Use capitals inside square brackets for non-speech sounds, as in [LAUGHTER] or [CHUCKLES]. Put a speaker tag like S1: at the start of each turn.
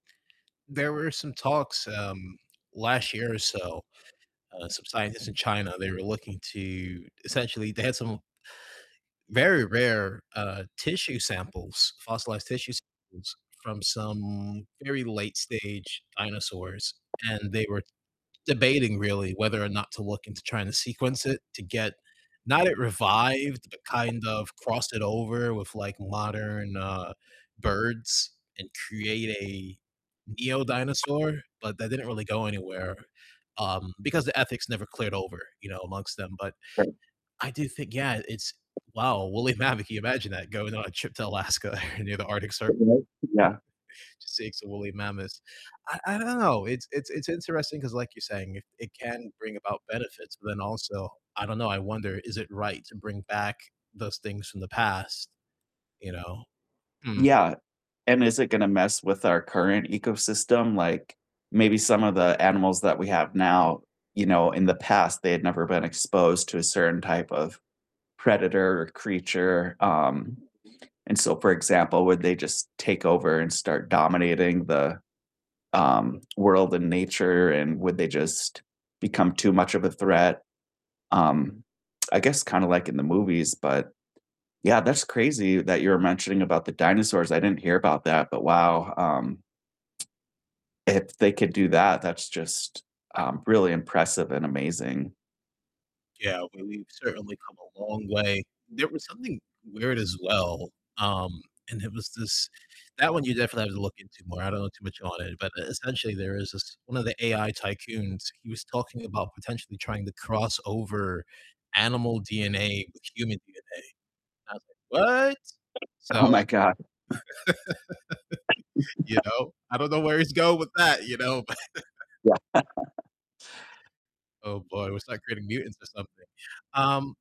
S1: There were some talks, um, last year or so, uh, some scientists in China, they were looking to essentially, they had some very rare, uh, tissue samples, fossilized tissue samples from some very late-stage dinosaurs, and they were debating really whether or not to look into trying to sequence it to get not it revived, but kind of cross it over with, like, modern, uh, birds and create a neo-dinosaur, but that didn't really go anywhere, um, because the ethics never cleared over, you know, amongst them, but
S2: [UNINTELLIGIBLE]
S1: I do think yeah, it's wow, a woolly mammoth. Can you imagine that? Going on a trip to Alaska or near the Arctic Cir
S2: [UNINTELLIGIBLE] Yeah.
S1: [CHUCKLES] to see some woolly mammoths. I I don't know, it's it's it's interesting 'cause like you're saying, it it can bring about benefits, but then also, I don't know, I wonder is it right to bring back those things from the past, you know? Hmm.
S2: Yeah, and is it gonna mess with our current ecosystem? Like, maybe some of the animals that we have now, you know, in the past they had never been exposed to a certain type of predator or creature, um, and so for example, would they just take over and start dominating the, um, world and nature, and would they just become too much of a threat? Um, I guess kinda like in the movies, but yeah, that's crazy that you're mentioning about the dinosaurs, I didn't hear about that, but wow, um, if they could do that, that's just, um, really impressive and amazing.
S1: Yeah, well, we've certainly come a long way. There was something weird as well, um, and it was this that one you definitely have to look into more, I don't know too much on it, but essentially there is this one of the AI tycoons, he was talking about potentially trying to cross over animal DNA with human DNA, and I was like, "What?"
S2: Oh
S1: So
S2: my god.
S1: [LAUGHS]
S2: [CHUCKLES]
S1: you
S2: [CHUCKLES]
S1: know, I don't know where he's going with that, you know, but
S2: Yeah. [LAUGHS]
S1: Oh boy, we'll start creating mutants or something. Um